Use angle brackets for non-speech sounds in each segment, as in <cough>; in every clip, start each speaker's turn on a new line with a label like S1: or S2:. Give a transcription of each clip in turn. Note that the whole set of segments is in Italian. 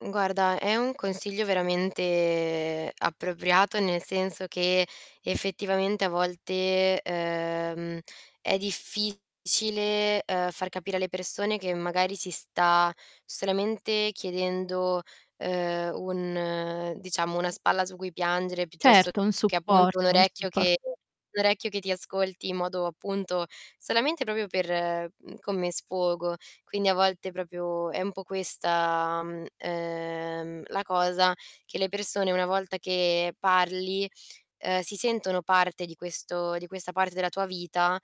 S1: Guarda è un consiglio veramente appropriato, nel senso che, effettivamente, a volte, ehm, è difficile, ehm, far capire alle persone che magari si sta solamente chiedendo, ehm, un diciamo, una spalla su cui piangere piuttosto
S2: Certo, un
S1: che, appunto, un
S2: supporto, un
S1: orecchio
S2: suppor
S1: che un orecchio che ti ascolti in modo appunto solamente proprio per mhmm, come sfogo. Quindi a volte proprio è un po' questa, mhmm, ehm, la cosa che le persone, una volta che parli, ehm, si sentono parte di questo di questa parte della tua vita,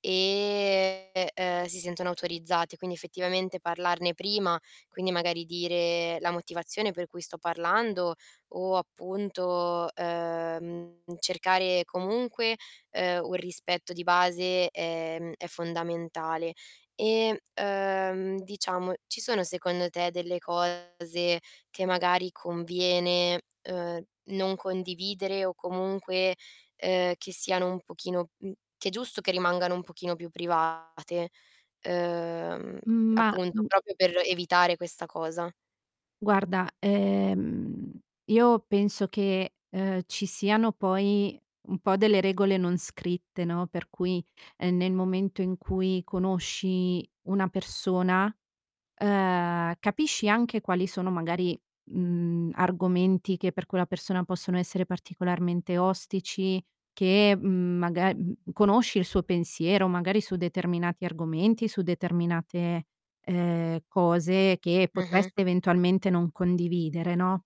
S1: ehm, e si sentono autorizzate. Quindi effettivamente parlarne prima, quindi magari dire la motivazione per cui sto parlando o appunto, ehm, cercare comunque, ehm, un rispetto di base, ehm, è fondamentale. Ehm, uhm, diciamo ci sono, secondo te, delle cose che magari conviene, uhm, non condividere o comunque, ehm, che siano un pochino mhmm, che è giusto che rimangano un pochino più private, ehm,
S2: Ma
S1: appunto
S2: m
S1: proprio per evitare questa cosa?
S2: Guarda, ehm, io penso che, ehm, ci siano poi un po' delle regole non scritte, no, per cui, ehm, nel momento in cui conosci una persona, uhm, capisci anche quali sono magari, mhmm, argomenti che per quella persona possono essere particolarmente ostici, che, mhmm, magar mhmm, conosce il suo pensiero magari su determinati argomenti, su determinate, ehm, cose che
S1: Mh-mh.
S2: potreste eventualmente non condividere, no.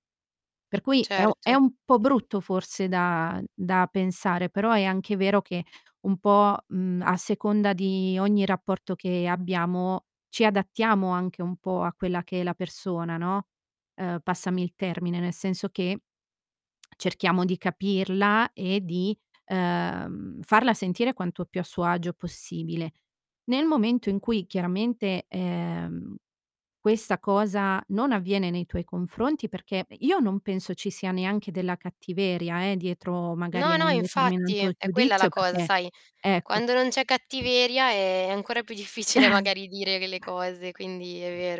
S2: Per cui è o è
S1: Certo.
S2: un po' brutto forse da da pensare. Però è anche vero che un po', mhmm, a seconda di ogni rapporto che abbiamo, ci adattiamo anche un po' a quella che è la persona, no, ehm, passami il termine, nel senso che cerchiamo di capirla e di, ehm, farla sentire quanto più a suo agio possibile. Nel momento in cui, chiaramente, ehm, questa cosa non avviene nei tuoi confronti perché i io non penso ci sia neanche della cattiveria eh, dietro
S1: No,
S2: magari a
S1: no
S2: un
S1: infatti,
S2: determinato
S1: è quella la
S2: giudizio
S1: cosa
S2: perché
S1: sai,
S2: ecco
S1: quando non c'è cattiveria è ancora più difficile
S2: <chuckles>
S1: magari dire delle cose quindi è vero.